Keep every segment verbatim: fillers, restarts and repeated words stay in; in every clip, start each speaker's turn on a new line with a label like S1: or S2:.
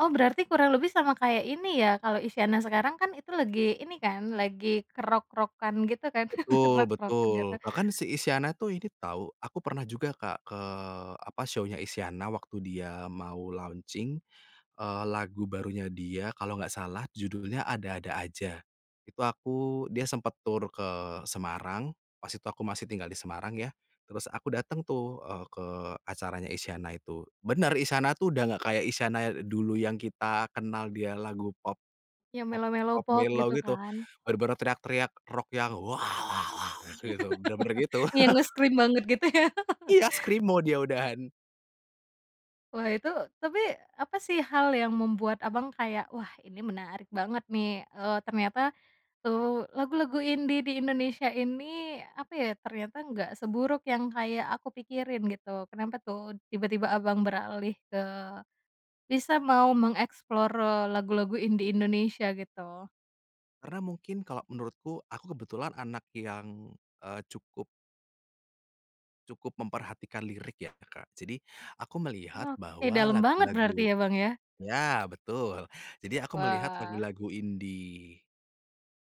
S1: Oh, berarti kurang lebih sama kayak ini, ya, kalau Isyana sekarang kan itu lagi ini kan, lagi ke rock-rock-an gitu kan?
S2: Betul
S1: Rock-rock-an
S2: betul.
S1: nggak, tuh.
S2: Bahkan si Isyana, tuh, ini tahu aku pernah juga, Kak, ke apa, show-nya Isyana, waktu dia mau launching, eee, lagu barunya dia kalau enggak salah judulnya Ada-Ada Aja, itu aku dia sempet tur ke Semarang, pas itu aku masih tinggal di Semarang ya. Terus aku datang, tuh, eee, ke acaranya Isyana itu, bener Isyana, tuh, udah enggak kayak Isyana dulu yang kita kenal dia lagu pop,
S1: Yang melow-melow
S2: pop-pop
S1: pop
S2: mellow
S1: gitu,
S2: gitu,
S1: kan.
S2: bener-bener teriak-teriak rock yang, waw waw waw waw, gitu. Bener-bener gitu.
S1: Yang nge-scream banget gitu, ya?
S2: Iya, screamo, dia udahan.
S1: Wah itu tapi apa, sih, hal yang membuat, Abang, kayak, wah ini menarik banget, nih, eee, ternyata, tuh, lagu-lagu indie di Indonesia ini apa ya, ternyata enggak seburuk yang kayak aku pikirin gitu, kenapa, tuh, tiba-tiba, Abang ,beralih ke bisa mau mengeksplor lagu-lagu indie Indonesia, gitu?
S2: Karena mungkin kalau menurutku, aku kebetulan anak yang, eee, cukup cukup memperhatikan lirik ya, Kak, jadi aku melihat
S1: Oke
S2: bahwa
S1: dalem banget berarti,
S2: lagu-lagu
S1: ya, Bang, ya?
S2: ya betul, jadi aku melihat
S1: Wah.
S2: lagu-lagu indi,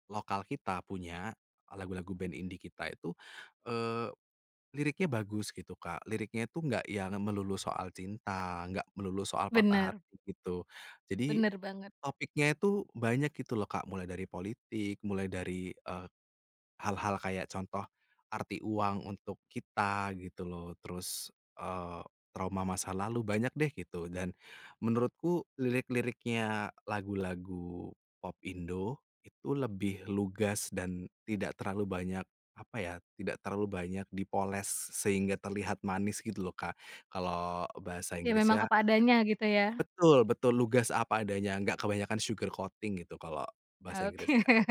S2: lokal kita punya, lagu-lagu band indie kita itu, eee, liriknya bagus gitu, Kak, liriknya itu enggak yang melulu soal cinta, enggak melulu soal patah
S1: Bener.
S2: hati gitu, jadi
S1: Bener banget.
S2: topiknya itu banyak gitu loh, Kak. Mulai dari politik, mulai dari, eee, hal-hal kayak contoh arti uang untuk kita gitu loh, terus, eee, trauma masa lalu, banyak, deh, gitu. Dan menurutku lirik-liriknya lagu-lagu popindo, itu lebih lugas dan tidak terlalu banyak apa ya, tidak terlalu banyak dipoles sehingga terlihat manis gitu loh kak, kalau bahasa
S1: Ya, memang
S2: Inggrisnya
S1: apa adanya, gitu, ya.
S2: Betul betul. Lugas, apa adanya, nggak kebanyakan sugar coating gitu kalau bahasa
S1: Oke.
S2: Inggrisnya, gitu.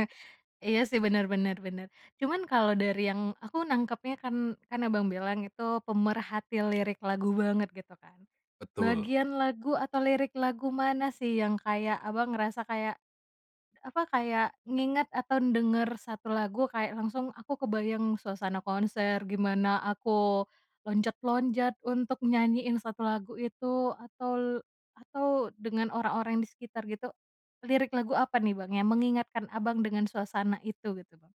S1: Iya, sih, bener bener bener. Cuman kalau dari yang aku nangkepnya kan kan, Abang, bilang itu pemerhati lirik lagu banget gitu kan,
S2: Betul.
S1: bagian lagu atau lirik lagu mana, sih, yang kayak, Abang, ngerasa kayak apa, kayak, ngingat atau denger satu lagu kayak langsung aku kebayang suasana konser, gimana aku loncat-loncat untuk nyanyiin satu lagu itu atol atau dengan orang-orang di sekitar gitu, lirik lagu apa nih, Bang? Yang mengingatkan, Abang, dengan suasana itu, gitu, Bang?